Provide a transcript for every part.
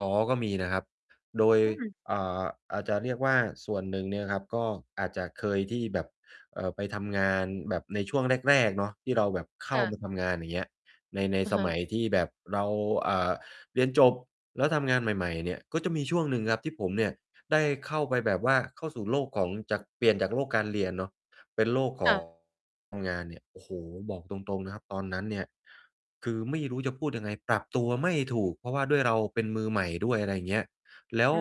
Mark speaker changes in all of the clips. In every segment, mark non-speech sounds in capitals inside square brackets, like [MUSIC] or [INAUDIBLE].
Speaker 1: อ๋อ ก็มีนะครับ โดย
Speaker 2: อืม
Speaker 1: อ่า อาจจะเรียกว่าส่วนหนึ่งเนี่ยนะครับ ก็อาจจะเคยที่แบบ เอ่อ ไปทำงานแบบในช่วงแรก ๆ เนาะ ที่เราแบบเข
Speaker 2: ค
Speaker 1: ้
Speaker 2: ่
Speaker 1: าม
Speaker 2: ะ
Speaker 1: าทำงาน อย่างเงี้ย ใน ใน
Speaker 2: อะ
Speaker 1: ส
Speaker 2: ฮ
Speaker 1: ม
Speaker 2: ะ
Speaker 1: ัยที่แบบเรา อ่า เรียนจบ แล้วทำงานใหม่ ๆ เนี่ย ก็จะมีช่วงหนึ่งครับ ที่ผมเนี่ย ได้เข้าไปแบบว่าเข้าสู่โลกของ จาก เปลี่ยนจากโลกการเรียนเนาะ เป็นโลก ข
Speaker 2: ค่
Speaker 1: อ
Speaker 2: ะ
Speaker 1: ง งานเนี่ย โอ้โฮ บอกตรง ๆ นะครับ ตอนนั้นเนี่ย คือไม่รู้จะพูดยังไง ปรับตัวไม่ถูก เพราะว่าด้วยเราเป็นมือใหม่ด้วย อะไรอย่างเงี้ย แล้
Speaker 2: อ
Speaker 1: ว
Speaker 2: ื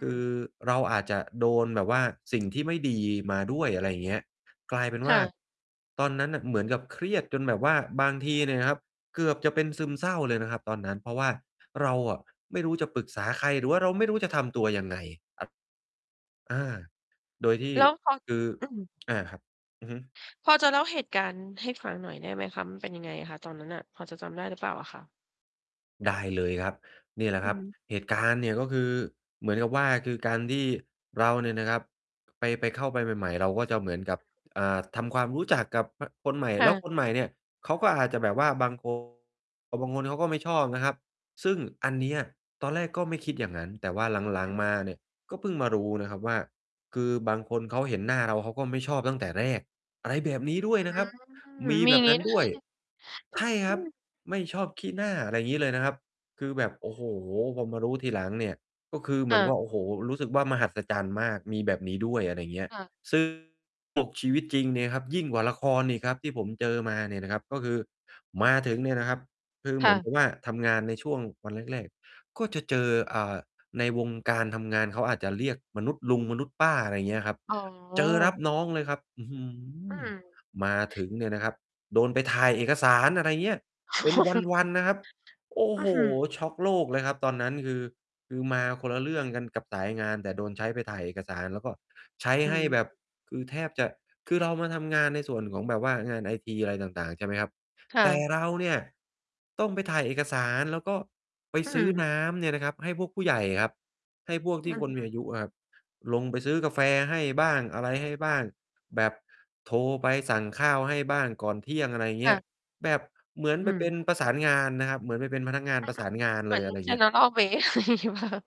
Speaker 1: คือเราอาจจะโดนแบบว่า สิ่งที่ ไม่ดีมาด้วย อะไรอย่างเงี้ย กลายเป็น
Speaker 2: ค
Speaker 1: ว่
Speaker 2: ่
Speaker 1: า
Speaker 2: ะ
Speaker 1: ตอนนั้นน่ะเหมือนกับเครียดกันแบบว่า บางทีเนี่ยนะครับ เกือบจะเป็น
Speaker 2: ใช
Speaker 1: ซึม
Speaker 2: ่
Speaker 1: เศร้าเลยนะครับตอนนั้น เพราะว่าเราอะไม่รู้จะปรึกษาใคร หรือว่าเราไม่รู้จะทำตัวยังไงครับ อ่า โดยที่
Speaker 2: แล้วเขา
Speaker 1: คือ
Speaker 2: อืม
Speaker 1: อ่า ครับ อือฮึ
Speaker 2: พอจะเล่าเหตุการณ์ให้ฟังหน่อยได้ไหมคะ มันเป็นยังไงอะคะ ตอนนั้นน่ะ พอจะจำได้หรือเปล่าอะคะ?
Speaker 1: ได้เลยครับ เนี่ยแหละ
Speaker 2: อ
Speaker 1: ค
Speaker 2: ื
Speaker 1: ร
Speaker 2: อ
Speaker 1: ับ
Speaker 2: ฮึ
Speaker 1: เหตุการณ์เนี่ย ก็คือเหมือนกับว่า คือการที่เราเนี่ยนะครับ ไป ไป เข้าไปใหม่ ๆ เราก็จะเหมือนกับ อ่
Speaker 2: [UNINTELLIGIBLE]
Speaker 1: า ทำความรู้จักกับ อา คนใหม่
Speaker 2: ค่
Speaker 1: แล้ว
Speaker 2: ะ
Speaker 1: คนใหม่เนี่ยเขาก็อาจจะแบบว่าบาง คน บางคนเขาก็ไม่ชอบนะครับ ซึ่งอันเนี้ยตอนแรกก็ไม่คิดอย่างนั้น แต่ว่า หลั
Speaker 2: อื
Speaker 1: ง
Speaker 2: อฮ
Speaker 1: ๆ มา
Speaker 2: ึ
Speaker 1: เนี่ยก็เพิ่งมารู้นะครับว่า คือบางคนเขาเห็นหน้าเราเขาก็ไม่ชอบตั้งแต่แรก อะไรแบบนี้ด้วยนะครับ
Speaker 2: อื
Speaker 1: ม
Speaker 2: ม
Speaker 1: ี
Speaker 2: มี
Speaker 1: แบ
Speaker 2: อย่า
Speaker 1: บ
Speaker 2: งง
Speaker 1: นั
Speaker 2: ี้
Speaker 1: ้น
Speaker 2: ด้
Speaker 1: ด
Speaker 2: ว
Speaker 1: ้ว
Speaker 2: ย
Speaker 1: ย ใช่ครับ
Speaker 2: [CHUCKLES]
Speaker 1: ไม่ชอบขี้หน้า อะไรอย่างงี้เลยนะครับ คือแบบ โอ้โฮ พอมารู้ทีหลังเนี่ย ก็คือเหม
Speaker 2: ค่
Speaker 1: ือนกับ
Speaker 2: ะ
Speaker 1: โอ้โฮ รู้สึกว่ามหัศจรรย์มาก มีแบบนี้ด้วย อะไรอย่างเงี้ย
Speaker 2: ค่ะ
Speaker 1: ซึ่ง ปลุกชีวิตจริงเนี่ยครับยิ่งกว่าละครอีกครับที่ผมเจอมาเนี่ยนะครับ ก็คือมาถึงเนี่ยนะครับ คือ
Speaker 2: ค
Speaker 1: เหม
Speaker 2: ่
Speaker 1: ือนก
Speaker 2: ะ
Speaker 1: ับว่าทำงานในช่วงวันแรก ๆ ก็จะเจอ อ่า ในวงการทำงานเขาอาจจะเรียกมนุษย์ลุง มนุษย์ป้า อะไรเงี้ยครับ
Speaker 2: อ๋อ
Speaker 1: เจอรับน้อง
Speaker 2: ค่
Speaker 1: เ
Speaker 2: ะ
Speaker 1: ลยครับ อื้อฮื
Speaker 2: อื
Speaker 1: อ
Speaker 2: ม
Speaker 1: มาถึงเนี่ยนะครับ โดนไปถ่ายเอกสาร อะไรอย่างเงี้ย
Speaker 2: โอ
Speaker 1: เป็น
Speaker 2: ้โฮ
Speaker 1: วัน ๆ นะครับ โอ้
Speaker 2: อ
Speaker 1: โ
Speaker 2: ื้
Speaker 1: ฮ
Speaker 2: อฮือ
Speaker 1: ช็อกโลกเลยครับ ตอนนั้น คือ คือมาคนละเรื่องกันกับสายงาน แต่โดนใช้ไปถ่ายเอกสาร แล้วก็ใช้
Speaker 2: อื
Speaker 1: ให
Speaker 2: อ
Speaker 1: ้
Speaker 2: ฮ
Speaker 1: แบบ
Speaker 2: ึ
Speaker 1: คือแทบจะ คือเรามาทำงานในส่วนของแบบว่างานไอทีอะไรต่าง ๆ ใช่ไหมครับ
Speaker 2: ค่
Speaker 1: แต่
Speaker 2: ะ
Speaker 1: เราเนี่ยต้องไปถ่ายเอกสาร แล้วก็ไป
Speaker 2: อื
Speaker 1: ซื้อ
Speaker 2: ม
Speaker 1: น้ำเนี่ยนะครับให้พวกผู้ใหญ่ครับ ให้พวกท
Speaker 2: อ
Speaker 1: ี
Speaker 2: ื
Speaker 1: ่
Speaker 2: ้อ
Speaker 1: ค
Speaker 2: ฮ
Speaker 1: น
Speaker 2: ื
Speaker 1: ม
Speaker 2: อ
Speaker 1: ีอายุครับ ลงไปซื้อกาแฟให้บ้าง อะไรให้บ้ง แบบโทรไปสั่งข้าวให้บ้างก่อนเที่ยง อะไรอย่างเ
Speaker 2: ค
Speaker 1: งี
Speaker 2: ่
Speaker 1: ้
Speaker 2: ะ
Speaker 1: ย แบบเหมื
Speaker 2: อ
Speaker 1: อ
Speaker 2: ื้
Speaker 1: น
Speaker 2: อ
Speaker 1: ไ
Speaker 2: ฮ
Speaker 1: ป
Speaker 2: ือ
Speaker 1: เป็นประสานงานนะครับ เหมือนไปเป็นพนักงาน
Speaker 2: อา
Speaker 1: ประ
Speaker 2: อื
Speaker 1: สา
Speaker 2: ม
Speaker 1: นงาน
Speaker 2: เหม
Speaker 1: เ
Speaker 2: ื
Speaker 1: ล
Speaker 2: อน
Speaker 1: ย อะไรอย่างเงี้ย
Speaker 2: General เบ๊ อะไรอย่างงี้เปล่าคะ?